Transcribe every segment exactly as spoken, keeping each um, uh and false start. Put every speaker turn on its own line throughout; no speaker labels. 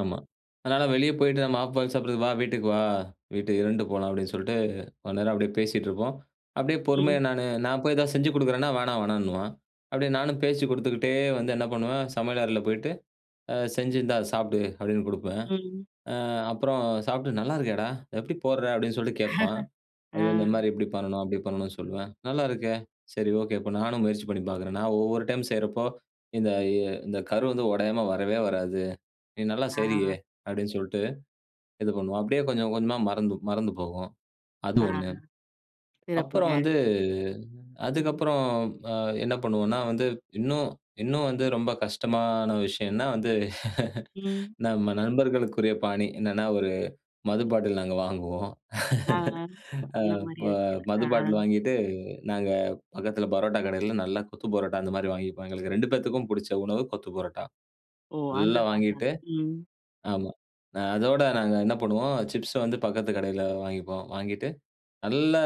ஆமா. அதனால வெளிய போயிட்டு நம்ம ஆஃப் பாயில் சாப்பிடுறது வா! வீட்டுக்கு வா! வீட்டுக்கு இரண்டு போலாம் அப்பிடின்னு சொல்லிட்டு, கொஞ்ச நேரம் அப்பிடியே பேசிட்டு இருப்போம். அப்பிடியே பொறுமையா
ம்.
நானு, நான் போய் எதாவது செஞ்சு கொடுக்குறேன்னா வேணாம் வேணான்னுவான். அப்பிடியே நானும் பேச்சு கொடுத்துக்கிட்டே வந்து என்ன பண்ணுவேன் சமையல் அறையில போயிட்டு அ செஞ்சி இந்தா சாப்பிடு! அப்பிடின்னு கொடுப்பேன்.
ம்.
ஆ அப்பறம் சாப்பிட்டு நல்லா இருக்கேடா! எப்பிடி போட்ற அப்பிடின்னு சொல்லிட்டு கேட்பான். அது
ஆ
வந்து இந்தமாரி இப்பிடி பண்ணணும், அப்பிடி பண்ணணுன்னு சொல்லுவேன். நல்லா இருக்கே! சரி, ஓகே. இப்ப நானும் முயற்சி பண்ணி பார்க்கிறேன். நான் ஒவ்வொரு டைம் செய்றப்போ, இந்த அ இந்த கரு வந்து உடையாம வரவே வராது. நீ நல்லா செய்றியே!
ஆ.
அப்பிடின்னு சொல்ட்டு, இது பண்ணுவோம். அப்பிடியே கொஞ்சம் கொஞ்சமா மறந்து, மறந்து போகும். அது
ஆ,
ஒண்ணு அப்புறம்
சிறப்புங்க.
வந்து, அதுக்கு
ம்.
அப்புறம் அ என்ன பண்ணுவோன்னா, வந்து இன்னும், இன்னும் வந்து ரொம்ப கஷ்டமான விஷயம் என்னா வந்து
ம்.
நம்ம நண்பர்களுக்குரிய பாணி என்னன்னா, ஒரு மது பாட்டில் நாங்க வாங்குவோம்
ஆ, ஆ.
அ
அந்தமாரி
இப்ப
யோசிக்கிறீங்களா!
மது
ஆ
பாட்டில் வாங்கிட்டு நாங்க பக்கத்தில பரோட்டா கடையில நல்லா கொத்து பரோட்டா அந்த மாதிரி வாங்கிப்போம். எங்களுக்கு ரெண்டு பேத்துக்கும் பிடிச்ச உணவு கொத்து பரோட்டா.
ஓ! அந்த
ஃபுல்லா வாங்கிட்டு
[unintelligible] ம்.
ஆமா. அ அதோட நாங்க என்ன பண்ணுவோம், சிப்ஸ வந்து பக்கத்து கடையில வாங்கிப்போம். வாங்கிட்டு நல்லா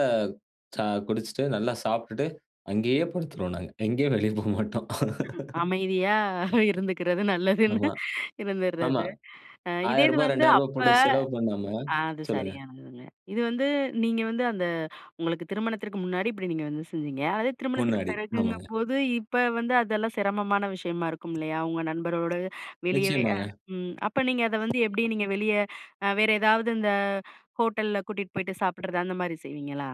ச குடிச்சிட்டு, நல்லா சாப்பிட்டுட்டு அங்கேயே படுத்துருவோம் நாங்க. எங்கேயும் வெளிய போ மாட்டோம்.
[unintelligible] அமைதியா இருந்துக்கிறது நல்லதுன்னு
ஆமா. ஆமா.
இருந்துர்றது அ இதே
ஆயிர
இது
ரூபா
வந்து
ரெண்டாயிர ரூபா
அப்ப
போட்டு செலவு பண்ணாம
ஆ அது
சொல்லுங்க.
சரியானதுங்க. இது வந்து நீங்க வந்து அந்த உங்களுக்கு திருமணத்திற்கு முன்னாடி இப்பிடி நீங்க வந்து செஞ்சிங்க. அதே திருமணத்துக்கு
முன்னாடி, ஆமாங்க.
பிறகுங்கம்போது, இப்ப வந்து அதெல்லாம் சிரமமான விஷயமா இருக்கும் இல்லயா! உங்க நண்பரோடு வெளியவே அ
நிச்சயமாங்க.
ம் அப்ப நீங்க அத வந்து எப்பிடி நீங்க வெளிய அ வேற எதாவது இந்த ஹோட்டல்ல கூட்டிட்டு போயிட்டு சாப்பிட்றது அந்தமாரி செய்வீங்களா?